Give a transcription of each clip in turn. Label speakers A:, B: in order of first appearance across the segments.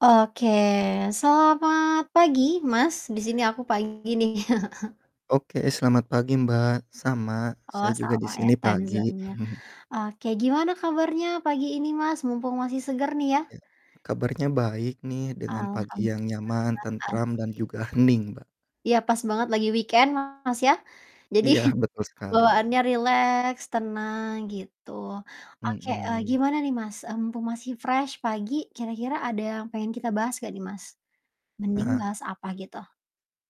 A: Oke, selamat pagi Mas, di sini aku pagi nih.
B: Oke, selamat pagi, Mbak, sama,
A: Oh,
B: saya juga di
A: sama ya
B: sini pagi.
A: timezone-nya. Oke gimana kabarnya pagi ini Mas? Mumpung masih seger nih ya.
B: Ya, kabarnya baik nih dengan pagi yang
A: Alhamdulillah
B: nyaman, tentram, dan
A: asik.
B: juga hening, Mbak.
A: Ya pas banget lagi weekend Mas ya. Jadi
B: Iya, betul sekali.
A: bawaannya rileks, tenang, gitu. Oke, eee,
B: Mhm.
A: gimana nih Mas, eee, mumpung masih fresh pagi, kira-kira ada yang pengen kita bahas gak nih Mas? Mending
B: Heeh.
A: bahas apa gitu?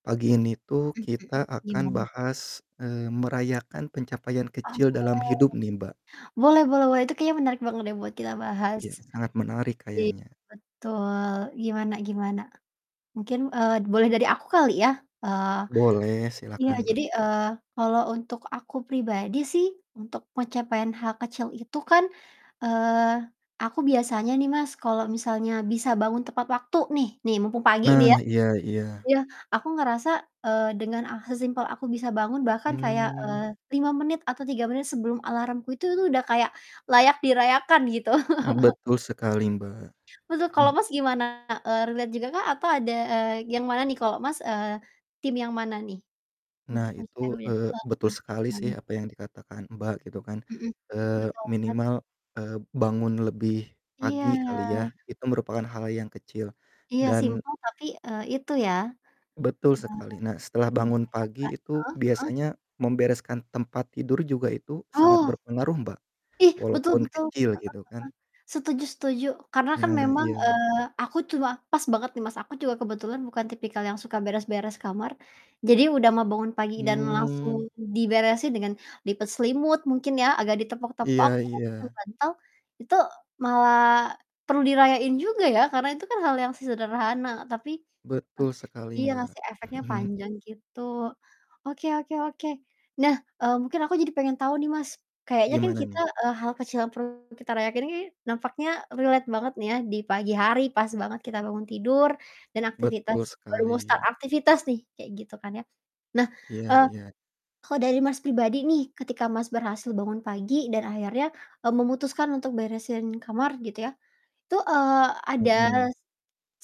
B: Pagi ini tuh
A: Mhm,
B: kita akan
A: gimana?
B: bahas, eee, merayakan pencapaian
A: Ah,
B: kecil
A: boleh.
B: dalam hidup nih Mbak.
A: Boleh boleh boleh, itu kayaknya menarik banget deh buat kita bahas.
B: Ya, sangat menarik
A: I
B: kayaknya.
A: betul, gimana gimana? Mungkin, eee, boleh dari aku kali ya. Eee
B: Boleh,
A: iya
B: silakan Mbak.
A: jadi, eee, kalau untuk aku pribadi sih untuk pencapaian hal kecil itu kan, eee, aku biasanya nih Mas kalau misalnya bisa bangun tepat waktu nih, nih mumpung pagi nih ya,
B: Nah, iya iya.
A: iya aku ngerasa, eee, dengan, ah, sesimpel aku bisa bangun bahkan kayak,
B: Mmm.
A: eee, 5 menit atau 3 menit sebelum alarmku itu udah kayak layak dirayakan gitu.
B: Ah, betul sekali Mbak.
A: Betul, kalau
B: Mhm.
A: Mas gimana? Eee, relate jugakah atau ada eee, yang mana nih? Kalau Mas, eee, tim yang mana nih? Untuk
B: Nah
A: weekend
B: itu,
A: dulu deh.
B: eee,
A: Heeh,
B: betul sekali sih
A: gimana?
B: apa yg dikatakan Mbak gitu kan.
A: Mhm, mmm,
B: Eee,
A: betul banget.
B: minimal, eee, bangun lebih pagi
A: Iya.
B: kali ya, itu merupakan hal yang kecil
A: Iya
B: dan
A: simpel tapi, eee, itu ya, eee,
B: Betul sekali. Nah setelah
A: perlu
B: bangun
A: dirayakan.
B: pagi itu
A: Heeh heeh.
B: biasanya membereskan tempat tidur juga itu sangat
A: Oh.
B: berpengaruh Mbak,
A: Ih, betul
B: walaupun
A: betul. Heeh
B: kecil gitu kan.
A: heeh. Setuju setuju, karena kan
B: Nah,
A: memang,
B: iya.
A: eee, aku tua pas banget nih Mas aku juga kebetulan bukan tipikal yang suka beres-beres kamar. Jadi udah mah bangun pagi dan
B: Mmm.
A: langsung diberesin dengan lipet selimut mungkin ya, agak ditepok-tepok
B: Iya
A: setelah susun
B: iya.
A: bantal, itu malah perlu dirayain juga ya karena itu kan hal yang se sederhana tapi
B: Betul sekali,
A: eh, iya
B: Mbak.
A: ngasih efeknya panjang gitu. Oke oke oke. Nah, eee, mungkin aku jadi pengen tau nih Mas, kayaknya kan
B: Gimana
A: kita
B: nih?
A: eee, hal kecil yang perlu kita rayakan ini nampaknya relate banget nih ya di pagi hari pas banget kita bangun tidur dan aktivitas
B: Betul
A: baru mau start
B: sekali.
A: aktivitas nih kayak gitu kan ya. Nah,
B: Iya
A: eee,
B: iya.
A: kalau dari Mas pribadi nih, ketika Mas berhasil bangun pagi dan akhirnya, eee, memutuskan untuk beresin kamar gitu ya. Itu, eee, ada
B: Mhm.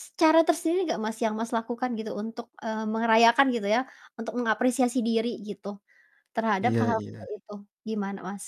A: s cara tersendiri nggak Mas yang Mas lakukan gitu untuk, eee, merayakan gitu ya, untuk mengapresiasi diri gitu terhadap
B: Iya
A: hal-hal kecil
B: iya.
A: itu, gimana Mas?